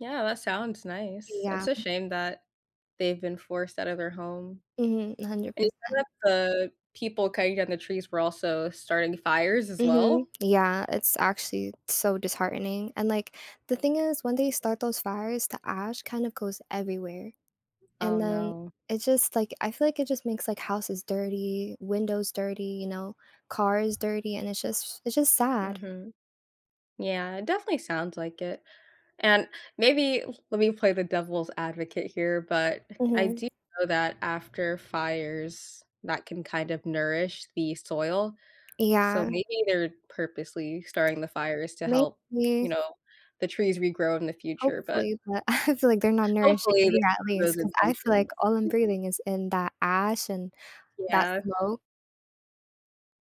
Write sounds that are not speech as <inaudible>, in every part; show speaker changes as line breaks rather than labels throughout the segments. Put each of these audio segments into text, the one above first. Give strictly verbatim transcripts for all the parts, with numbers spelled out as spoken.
Yeah, that sounds nice. It's
Yeah,
a
m
shame that they've been forced out of their home.
Mhm, a hundred percent.
<unintelligible> the people cutting down the trees were also starting fires as
Mhm.
well.
Yeah. It's actually so disheartening, and, like, the thing is when they start those fires, the ash, kind of, goes everywhere, and
Oh
then,
no.
it, just, like I feel, like, it, just, makes, like, houses dirty, windows dirty, you know, cars dirty, and it's just it's just sad.
Mhm. Yeah, it definitely sounds like it, and maybe l let me play the devil's advocate here, but <chuckles> I
Mhm.
do know that after fires that can, kind of, nourish the soil, so
Yeah.
maybe they're purposely starting the fires to help, you
Maybe.
know, the trees regrow in the future, but
Hopefully, but I feel, like, they're not nourishing
hopefully they
me at
have
least,
those
'cause I feel, like,
intentions.
all I'm
<chuckles>
breathing is in that ash and that
Yeah.
smoke.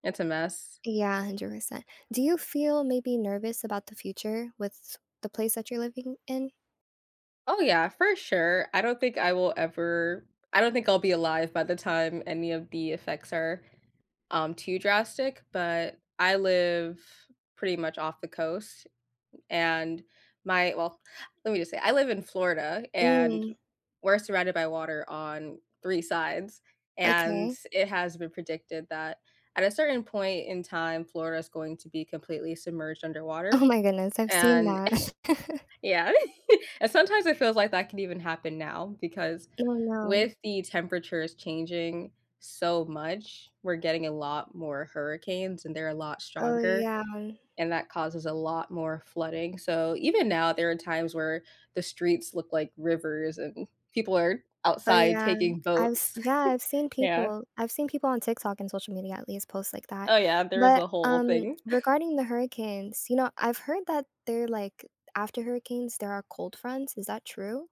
It's a mess.
Yeah, hundred percent. Do you feel maybe nervous about the future with the place that you're living in?
Oh yeah, for sure. I don't think I will ever I don't think I'll be alive by the time any of the effects are, um, too drastic, but I live pretty much off the coast, and my, well let me, just, say, I live in Florida, and
Mm.
we're surrounded by water on three sides, and
Okay.
it has been predicted that at a certain point in time, Florida is going to be completely submerged
Oh
underwater,
my goodness, I've seen
and
that.
<chuckles>
<chuckles>
yeah, <chuckles> and sometimes it feels, like, that could even happen now, because
Oh, no.
with the temperatures changing so much, we're getting a lot more hurricanes, and they're a lot
Oh
stronger,
yeah.
and that causes a lot more flooding, so even now, there are times where the streets look like rivers, and people are
Oh
outside
yeah.
taking
I've s
boats, <chuckles>
yeah, I've seen
yeah.
people. I've seen people on TikTok, and social media at least posts like that,
Oh yeah, there is a
but,
whole
um,
thing. <chuckles>
regarding the hurricanes, you know, I've heard that they're like after hurricanes there are cold fronts, is that true?